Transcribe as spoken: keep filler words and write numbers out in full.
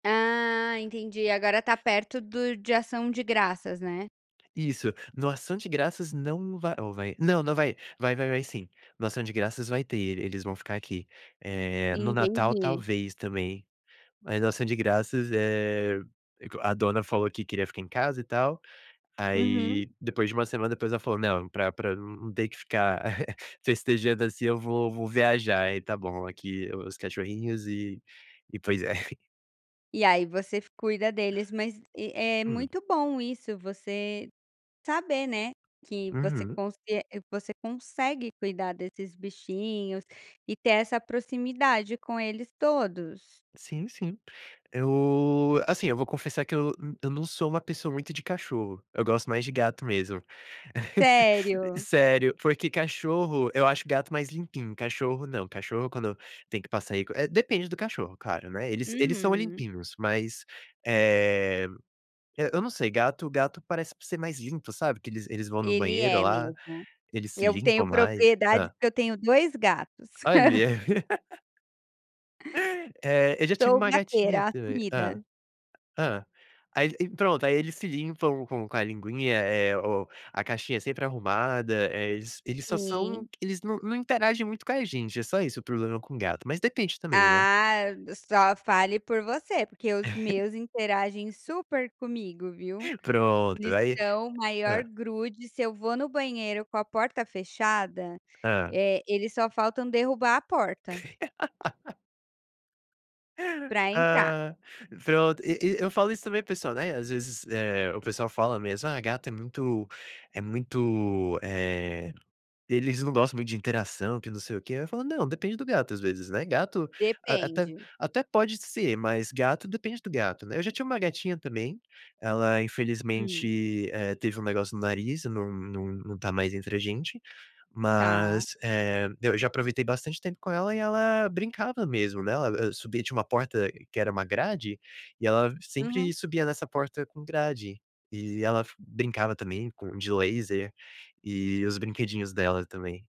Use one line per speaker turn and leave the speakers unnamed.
Ah, entendi, agora tá perto do de ação de graças, né.
Isso, no ação de graças, não vai ou vai? Não, não vai, vai vai vai sim. No ação de graças vai ter, eles vão ficar aqui. Eh, no natal,
Entendi.
talvez, também, mas no ação de graças, eh, é co a dona falou que queria ficar em casa, e tal,
Uhum.
aí, depois de uma semana, depois, ela falou: "Não, pra pra num num ter que ficar festejando assim, eu vou vou viajar", aí tá bom, aqui o os cachorrinhos e e pois é.
E aí você f cuida deles, mas e, é
Hum.
muito bom isso, você saber, né, que você
Uhum.
consie você consegue cuidar desses bichinhos e ter essa proximidade com eles todos.
Sim, sim. Eu, assim, eu vou confessar que eu n eu não sou uma pessoa muito de cachorro, eu gosto mais de gato mesmo.
Sério?
Sério, porque cachorro eu acho gato mais limpinho, cachorro não, cachorro quando tem que passar aí é, depende do cachorro claro, né, eles eles são
Uhum.
limpinhos, mas, eh eh, eu não sei, gato gato parece por ser mais limpo, sabe, que eles eles vão no
Ele
banheiro
é
lá,
mesmo.
eles se
Eu
limpam
tenho
mais.
propriedade,
Hã.
porque eu tenho dois gatos.
Olha. Eh, eu já tive
Sou
uma gatinha
"gateira"
também hã.
assumida.
Hã. Aí e e pronto, aí eles se limpam com com a linguinha, eh, oh, a caixinha sempre arrumada, eh, eles eles só são
Sim.
eles num num interagem muito com a gente, é só isso o problema com gato, mas depende também, né.
Ah, só fale por você, porque os meus interagem super comigo, viu.
Pronto,
Eles
aí
são o maior
hã.
grude, se eu vou no banheiro com a porta fechada,
Hã.
eh, eles só faltam derrubar a porta para entrar.
Ah, pronto, e e eu falo isso também para o pessoal, né, às vezes, eh, o pessoal fala mesmo: "Ah, gato é muito é muito, eh, eles não gostam muito de interação, que não sei o quê", eu falo: "Não, depende do gato, às vezes, né, gato a até
Depende.
até pode ser, mas gato, depende do gato, né". Eu já tinha uma gatinha também, ela
Hum.
infelizmente, eh, teve um negócio no nariz, num num num tá mais entre a gente,
Tá
mas, eh, eu já aproveitei bastante tempo com ela, e ela brincava mesmo, né, ela, hã, subia tinha uma porta, que era uma grade, e ela sempre
Uhum.
subia nessa porta com grade, e ela f brincava também com de laser, e os brinquedinhos dela também.